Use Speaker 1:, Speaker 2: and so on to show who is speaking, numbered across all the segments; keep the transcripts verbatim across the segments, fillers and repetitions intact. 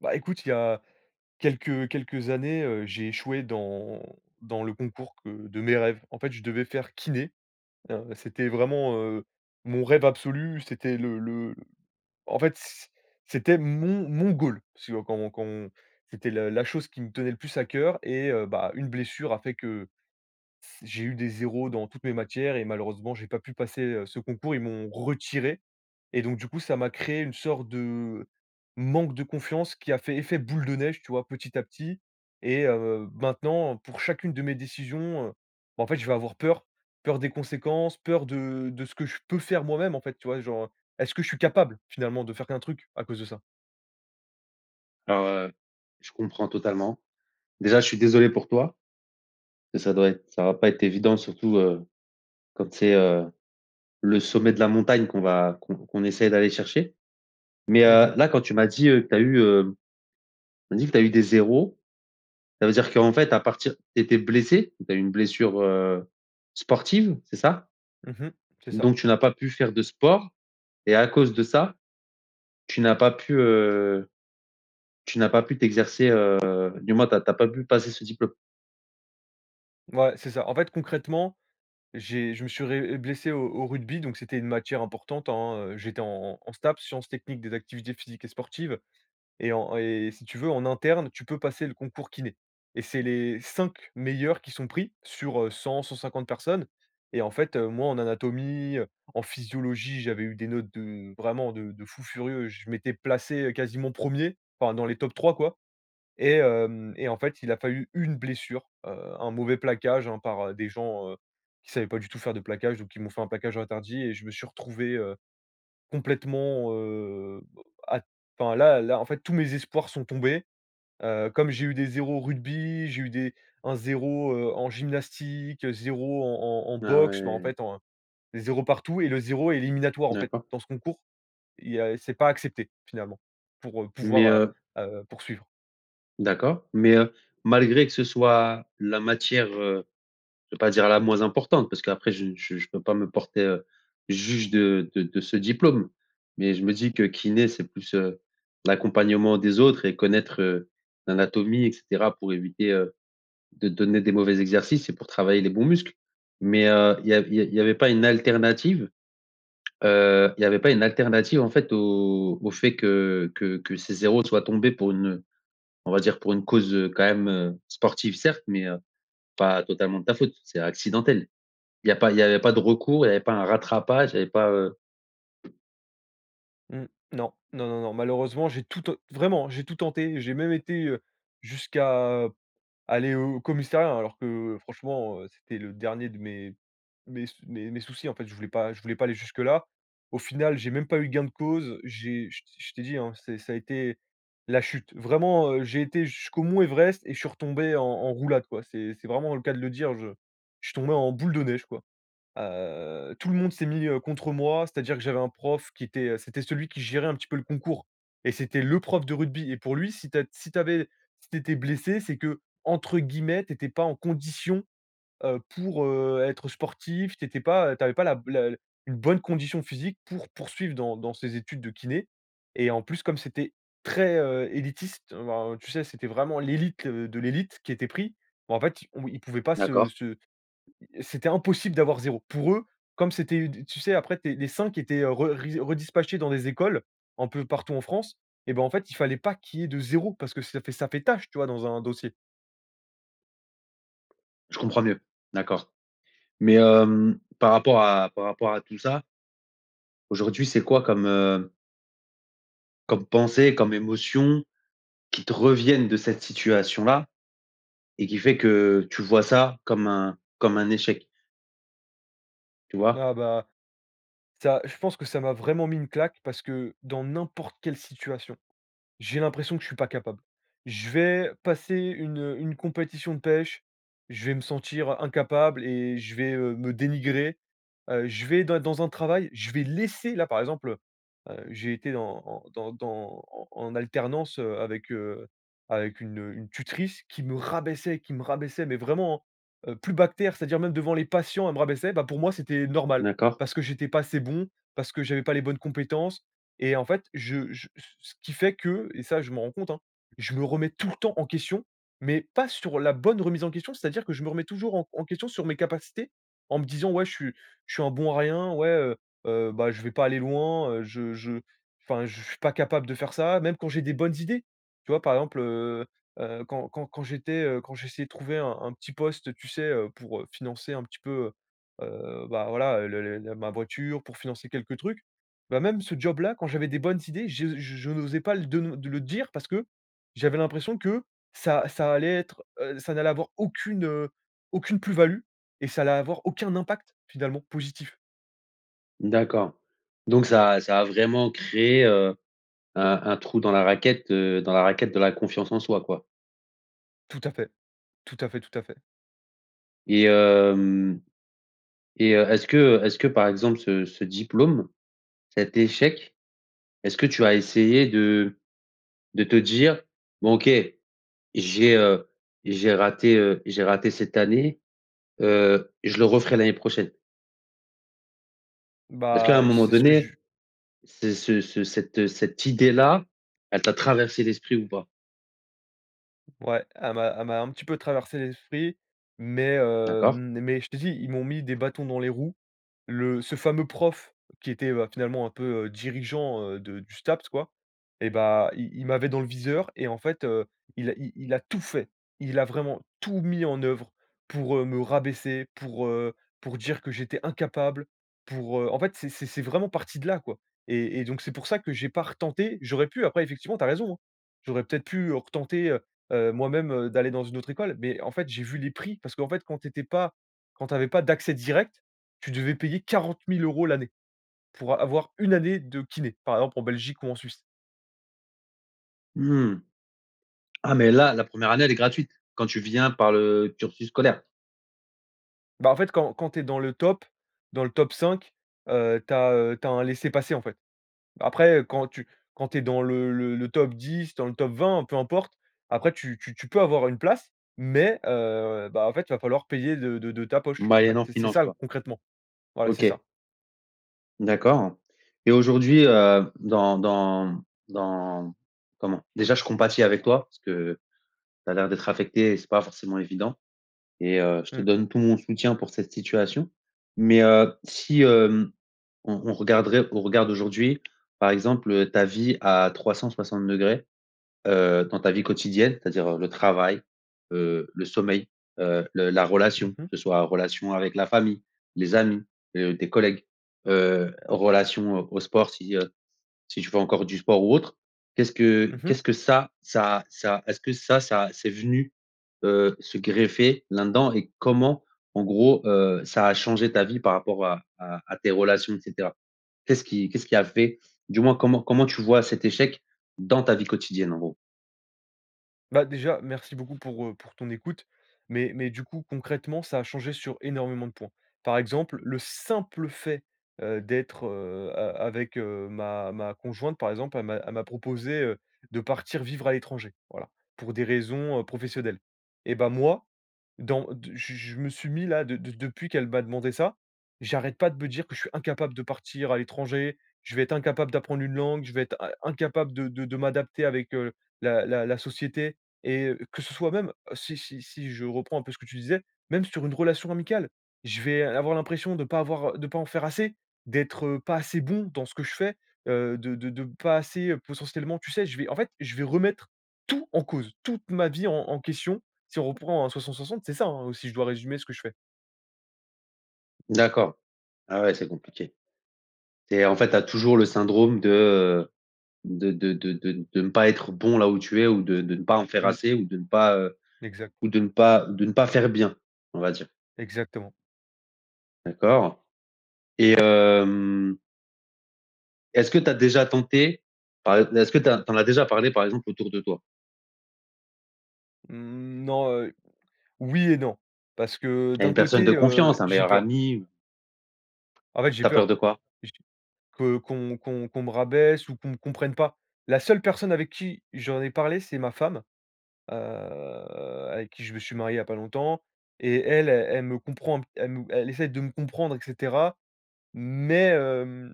Speaker 1: Bah, écoute, il y a quelques quelques années, heu, j'ai échoué dans dans le concours que de mes rêves. En fait, je devais faire kiné, heu, c'était vraiment, heu, mon rêve absolu. C'était le le, en fait, c'é c'était mon mon goal. Si on quand on quand on c'était la la chose qui me tenait le plus à cœur et heu, bah, une blessure a fait que s j'ai eu des zéro dans toutes mes matières et malheureusement, j'ai pas pu passer, heu, ce concours. Ils m'ont retiré et donc, du coup, ça m'a créé une sorte de manque de confiance, qui a fait effet boule de neige, tu vois? Petit à petit et heu, maintenant, pour chacune de mes décisions, heu, bah, en fait, je vais avoir peur. Peur des conséquences, peur de de ce que je peux faire moi-même, en fait, tu vois? Genre, heu est-ce que je suis capable, finalement, de faire qu'un truc, à cause de ça?
Speaker 2: Alors, heu, je comprends totalement. Déjà, je suis désolé pour toi. Ça doit être ça va pas être évident, surtout, heu, quand c'est, heu, le sommet de la montagne qu'on va qu'on qu'on essaye d'aller chercher. Mais,
Speaker 1: Mmh
Speaker 2: heu,
Speaker 1: mh.
Speaker 2: là, quand tu m'as dit, heu, tu as eu, heu, tu m'as dit que tu as eu des zéro, ça veut dire qu'en fait, à partir tu étais blessé, tu as eu une blessure, heu, sportive, c'est ça?
Speaker 1: Mmh mh, c'est ça.
Speaker 2: Donc tu n'as pas pu faire de sport et à cause de ça, tu n'as pas pu, heu, tu n'as pas pu t'exercer, heu, du moins, tu as tu as pas pu passer ce diplôme?
Speaker 1: Ouais, c'est ça. En fait, concrètement, j'ai je me suis ré blessé au au rugby, donc c'était une matière importante, hein, heu, j'étais en en STAPS, sciences techniques des activités physiques et sportives et en et si tu veux, en interne, tu peux passer le concours kiné et c'est les cinq meilleurs qui sont pris sur, heu, cent-cent cinquante personnes et, en fait, heu, moi, en anatomie, en physiologie, j'avais eu des notes de vraiment de de fous furieux. Je m'étais placé quasiment premier, enfin dans les tops trois, quoi et hem, et, en fait, il a fallu une blessure, heu, un mauvais plaquage, hein, par des gens, heu, qui savaient pas du tout faire de plaquage, donc qui m'ont fait un plaquage interdit et je me suis retrouvé, heu, complètement, heu, à enfin là là en fait, tous mes espoirs sont tombés, heu, comme j'ai eu des zéro en rugby, j'ai eu des un zéro, heu, en gymnastique, zéro en en en
Speaker 2: Ah
Speaker 1: boxe. Mais, en
Speaker 2: ouais.
Speaker 1: fait, en des zéro partout et le zéro est éliminatoire, en fait.
Speaker 2: D'accord.
Speaker 1: Dans ce concours, il y a c'est pas accepté, finalement, pour
Speaker 2: Mais,
Speaker 1: pouvoir,
Speaker 2: heu
Speaker 1: heu, heu, poursuivre.
Speaker 2: d'accord, mais, heu, malgré que ce soit la matière, heu, je veux pas dire la moins importante, parce qu'après je je je peux pas me porter, heu, juge de de de ce diplôme. Mais je me dis que kiné, c'est plus, heu, l'accompagnement des autres et connaître, heu, l'anatomie et cetera, pour éviter, heu, de donner des mauvais exercices et pour travailler les bons muscles. Mais, heu, il y a il y a il y avait pas une alternative? Heu, il y avait pas une alternative, en fait, au au fait que que que ces zéro soient tombés pour une on va dire pour une cause, heu, quand même, heu, sportive certes, mais, heu, pas totalement de ta faute? C'est accidentel. Il y a pas il y a pas de recours? Il y avait pas un rattrapage? il y avait pas, heu
Speaker 1: Mmh, Non. Non, non, non. Malheureusement, j'ai tout ten vraiment, hein, j'ai tout tenté. J'ai même été, heu, jusqu'à aller au commissariat, hein, alors que franchement, heu, c'était le dernier de mes mes sous mes mes soucis. En fait, je voulais pas je voulais pas aller jusque-là. Au final, j'ai même pas eu gain de cause. J'ai je t je t'ai dit, hein, c'est ça a été la chute. Vraiment, heu, j'ai été jusqu'au mont Everest et je suis retombé en en roulade quoi. C'est c'est vraiment le cas de le dire. Je je suis tombé en boule de neige, quoi. Heu, tout le monde s'est mis, heu, contre moi. C'est-à-dire que j'avais un prof qui était c'était celui qui gérait un petit peu le concours et c'était le prof de rugby. Et pour lui, si tu as si tu avais si tu étais blessé, c'est que entre guillemets, tu étais pas en «condition», heu, pour, heu, être sportif. Tu étais pas tu avais pas la la une bonne condition physique pour poursuivre dans dans ces études de kiné. Et en plus, comme c'était très, heu, élitiste, heu, ben, heu, tu sais, c'était vraiment l'élite, heu, de l'élite qui était pris. Bah en fait, on ils pouvaient pas se
Speaker 2: D'accord.
Speaker 1: se c'était impossible d'avoir zéro. Pour eux, comme c'était d tu sais, après tu es, les cinq qui étaient, heu, re ri redispatchés dans des écoles, un peu partout en France et bah, en fait, il fallait pas qu'il y ait de zéro parce que ça fait ça fait tâche, tu vois, dans un dossier.
Speaker 2: Je comprends mieux, d'accord. Mais, hem, par rapport à par rapport à tout ça. Aujourd'hui c'est quoi comme, heu comme pensées, comme émotions qui te reviennent de cette situation-là, et qui fait que tu vois ça comme un comme un échec? Tu vois?
Speaker 1: Ah, bah. Ça je pense que ça m'a vraiment mis une claque parce que dans n'importe quelle situation, j'ai l'impression que je suis pas capable. Je vais passer une, heu, une compétition de pêche, je vais me sentir, heu, incapable et je vais, heu, me dénigrer. Heu, je vais des dans un travail, je vais laisser là, par exemple, heu heu, j'ai été en en dans dans en en alternance, heu, avec, heu, avec une, heu, une tutrice qui me rabaissait, qui me rabaissait, mais vraiment, hein, heu, plus bas que terre, c'est-à-dire même devant les patients, elle me rabaissait. Bah, pour moi, c'était normal,
Speaker 2: D'accord.
Speaker 1: parce que j'étais pas assez bon, parce que j'avais pas les bonnes compétences. Et en fait, je je c ce qui fait que et ça, je m'en rends compte, hein, je me remets tout le temps en question, mais pas sur la bonne remise en question, c'est-à-dire que je me remets toujours en en question sur mes capacités, en me disant: «Ouais je suis je suis un bon à rien, ouais, heu heu, bah je vais pas aller loin, heu, je je enfin je suis pas capable de faire ça» même quand j'ai des bonnes idées. Tu vois? Par exemple, heu, heu, quand quand quand j'étais, heu, quand j'essayais de trouver un un petit poste, heu, tu sais, heu, pour, heu, financer un petit peu, heu, heu, bah, voilà, heu, le le le ma voiture, pour financer quelques trucs. Bah, même ce job-là, quand j'avais des bonnes idées, je je n'osais pas l de le de le dire parce que j'avais l'impression que ça ça allait être, heu, ça n'allait avoir aucune, heu, aucune plus value et ça allait avoir aucun impact, finalement, positif.
Speaker 2: D'accord, donc ça a ça a vraiment créé, heu, un un trou dans la raquette, heu, dans la raquette de la confiance en soi, quoi?
Speaker 1: Tout à fait, tout à fait, tout à fait.
Speaker 2: Et hem, et heu, est-ce que, heu est-ce que, par exemple, ce ce diplôme, cet échec, est-ce que tu as essayé de de te dire: «Bon, OK j'ai, heu, j'ai raté, heu, j'ai raté cette année, heu, je le referai l'année prochaine»? Est-ce qu'à
Speaker 1: Bah,
Speaker 2: un moment
Speaker 1: c'est ce que
Speaker 2: donné,
Speaker 1: j
Speaker 2: ce ce ce cette cette idée-là, elle t'a traversé l'esprit ou pas?
Speaker 1: Ouais, elle m'a elle m'a un petit peu traversé l'esprit, mais, heu,
Speaker 2: D'accord.
Speaker 1: mais je te dis, ils m'ont mis des bâtons dans les roues. Le ce fameux prof qui était, bah, finalement un peu, heu, dirigeant, heu, de du STAPS, quoi, et bah, il il m'avait dans le viseur et, en fait, heu, il a il il a tout fait. Il a vraiment tout mis en œuvre pour, heu, me rabaisser, pour, heu, pour dire que j'étais incapable pour, heu en fait, c'est c'est c'est vraiment parti de là, quoi et et donc c'est pour ça que j'ai pas retenté. J'aurais pu après, effectivement, tu as raison, hein. J'aurais, peut-être, pu, heu, retenter heu heu, moi-même, d'aller dans une autre école, mais en fait, j'ai vu les prix parce qu'en fait, quand tu étais pas quand tu avais pas d'accès direct, tu devais payer quarante mille euros l'année. Pour a avoir une année de kiné, par exemple en Belgique ou en Suisse.
Speaker 2: Mmh. Ah mais là, la première année elle est gratuite, quand tu viens par le cursus scolaire?
Speaker 1: Bah, en fait, quand quand tu es dans le top dans le top cinq, heu, tu as, heu tu as un laissez passer en fait. Après, heu, quand tu quand tu es dans le le top dix, dans le top vingt, peu importe, après tu tu tu peux avoir une place. Mais, heu, bah, en fait, il va falloir payer de de de ta poche. En fait,
Speaker 2: Moyennant
Speaker 1: c'est
Speaker 2: finance
Speaker 1: ça
Speaker 2: quoi.
Speaker 1: concrètement. Voilà, c'est ça.
Speaker 2: OK. D'accord. Et aujourd'hui, heu, dans dans dans comment? Déjà je compatis avec toi parce que tu as l'air d'être affecté, et c'est pas forcément évident. Et, heu, je te
Speaker 1: Mmh.
Speaker 2: donne tout mon soutien pour cette situation. Mais, heu, si, hem, on on regarderait, au regard d'aujourd'hui par exemple, heu, ta vie à trois cent soixante degrés, heu, dans ta vie quotidienne, c'est-à-dire, heu, le travail, heu, le sommeil, heu, le la
Speaker 1: Mmh
Speaker 2: relation, que
Speaker 1: mh.
Speaker 2: ce soit relation avec la famille, les amis, heu, tes collègues, heu, relation, heu, au sport, si, heu, si tu fais encore du sport ou autre, qu'est-ce que
Speaker 1: Mmh mh.
Speaker 2: qu'est-ce que ça ça ça est-ce que ça ça c'est venu, heu, se greffer là-dedans? Et comment, en gros, heu, ça a changé ta vie par rapport à à à tes relations, et cetera? Qu'est-ce qui qu'est-ce qui a fait du moins, comment comment tu vois cet échec dans ta vie quotidienne en gros?
Speaker 1: Bah, déjà, merci beaucoup pour heu, pour ton écoute. Mais mais du coup concrètement ça a changé sur énormément de points. Par exemple, le simple fait, heu, d'être, heu, a avec, heu, ma ma conjointe, par exemple, elle m'a elle m'a proposé, heu, de partir vivre à l'étranger. Voilà, pour des raisons, heu, professionnelles. Et bah moi, dans de je je me suis mis là, de de depuis qu'elle m'a demandé ça, j'arrête pas de be dire que: «Je suis incapable de partir à l'étranger. Je vais être incapable d'apprendre une langue. Je vais être in incapable de de de m'adapter avec, heu, la la la société.» et que ce soit même, si si si je reprends un peu ce que tu disais, même sur une relation amicale, je vais avoir l'impression de pas avoir de pas en faire assez, d'être, heu, pas assez bon dans ce que je fais, heu, de de de pas assez, heu, potentiellement tu sais, je vais en fait, je vais remettre tout en cause, toute ma vie, en en question, si on reprend à soixante-soixante c'est ça, hein, si je dois résumer ce que je fais.
Speaker 2: D'accord. Ah ouais, c'est compliqué. C'est, en fait, tu as toujours le syndrome de, heu de de de de ne pas être bon là où tu es ou de de ne pas en faire
Speaker 1: Mmh.
Speaker 2: assez ou de ne pas, heu
Speaker 1: Exact.
Speaker 2: ou de ne pas de ne pas faire bien, on va dire.
Speaker 1: Exactement.
Speaker 2: D'accord. Et hem est-ce que tu as déjà tenté, par ex est-ce que tu as tu en as déjà parlé par exemple autour de toi?
Speaker 1: Mmh non, heu, oui et non, parce que, heu,
Speaker 2: À
Speaker 1: d'un
Speaker 2: une personne de
Speaker 1: côté, heu,
Speaker 2: confiance, un
Speaker 1: j'ai
Speaker 2: meilleur
Speaker 1: peur!
Speaker 2: ami ou?
Speaker 1: En fait, j'ai
Speaker 2: Tu as peur
Speaker 1: peur.
Speaker 2: de quoi?
Speaker 1: J que qu'on qu'on qu'on me rabaisse ou qu'on me comprenne pas. La seule personne avec qui j'en ai parlé, c'est ma femme, heu, avec qui je me suis marié il y a pas longtemps et elle, elle me comprend un elle me elle essaie de me comprendre, et cetera. Mais, hem,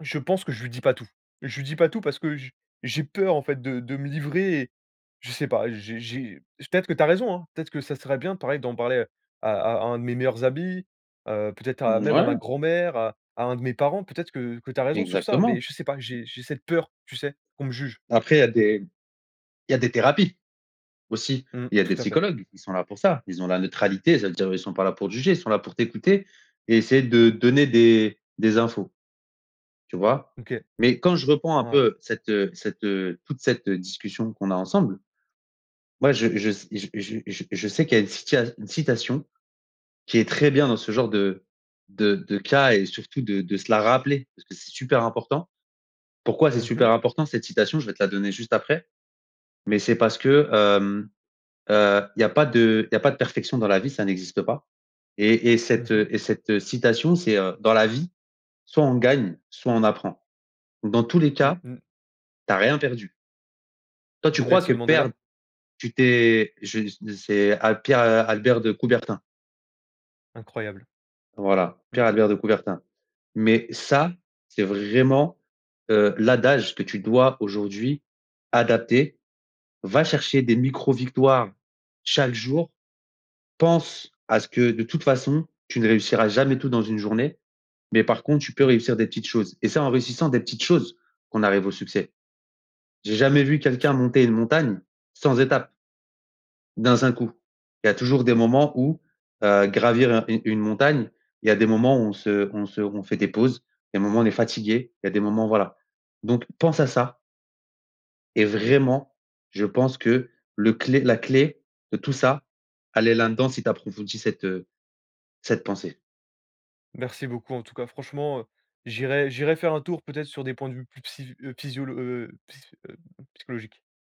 Speaker 1: je pense que je lui dis pas tout. Je lui dis pas tout parce que je j'ai peur en fait de de me livrer et je sais pas, j'ai j'ai peut-être que tu as raison, hein, peut-être que ça serait bien pareil, d'en parler à à un de mes meilleurs amis, heu, peut-être à
Speaker 2: Hem,
Speaker 1: même à ma
Speaker 2: ouais.
Speaker 1: grand-mère, à à un de mes parents, peut-être que que que tu as raison sur ça, mais
Speaker 2: Exactement.
Speaker 1: je sais pas, j'ai j'ai cette peur, tu sais? Qu'on me juge.
Speaker 2: Après, il y a des il y a des thérapies, aussi,
Speaker 1: Mmh,
Speaker 2: il y a des
Speaker 1: tout à fait.
Speaker 2: psychologues qui sont là pour ça, ils ont la neutralité, ça veut dire, eux, ils sont pas là pour te juger, ils sont là pour t'écouter et essayer de donner des des infos. Tu vois?
Speaker 1: OK.
Speaker 2: Mais quand je reprends un
Speaker 1: Ouais.
Speaker 2: peu cette heu cette heu, toute cette, heu, discussion qu'on a ensemble, moi je je s je je je sais qu'il y a une cita une citation qui est très bien dans ce genre de de de cas et surtout de de se la rappeler parce que c'est super important. Pourquoi c'est
Speaker 1: Mmh mh.
Speaker 2: super important, cette citation? Je vais te la donner juste après, mais c'est parce que hem, heu, il y a pas de il y a pas de perfection dans la vie, ça n'existe pas. Et et
Speaker 1: Mmh
Speaker 2: cette,
Speaker 1: mh.
Speaker 2: heu et cette citation, c'est heu: «Dans la vie, soit on gagne, soit on apprend. Dans tous les
Speaker 1: Mmh
Speaker 2: cas,
Speaker 1: mh.
Speaker 2: tu as rien perdu». Toi, tu
Speaker 1: De
Speaker 2: crois que
Speaker 1: Nelson
Speaker 2: perdre,
Speaker 1: Mandela?
Speaker 2: tu t'es je ne c'est, heu, à Pierre, heu, Albert de Coubertin.
Speaker 1: Incroyable.
Speaker 2: Voilà, Pierre
Speaker 1: Mmh.
Speaker 2: Albert de Coubertin. Mais ça, c'est vraiment, heu, l'adage que tu dois aujourd'hui adapter, va chercher des micro-victoires chaque jour, pense à ce que, de toute façon, tu ne réussiras jamais tout dans une journée, mais par contre, tu peux
Speaker 1: Mmh.
Speaker 2: réussir des petites choses. Et c'est en réussissant des petites choses qu'on arrive au succès. J'ai
Speaker 1: Mmh.
Speaker 2: jamais vu
Speaker 1: [unintelligible]
Speaker 2: quelqu'un monter une montagne sans étape d'un saint coup. Il y a toujours des moments où, heu, gravir un une une montagne, il y a des moments où on se on se on fait des pauses, des moments, on est fatigué, il y a des moments, voilà. Donc pense à ça et vraiment je pense que le clé la clé de tout ça, elle est l'un-dans si tu approfondis cette, heu, cette pensée.
Speaker 1: Merci beaucoup en tout cas. Franchement, heu, j'irai j'irai faire un tour peut-être sur des points de vue, plus psyf psysiolo heu, psy psychologique.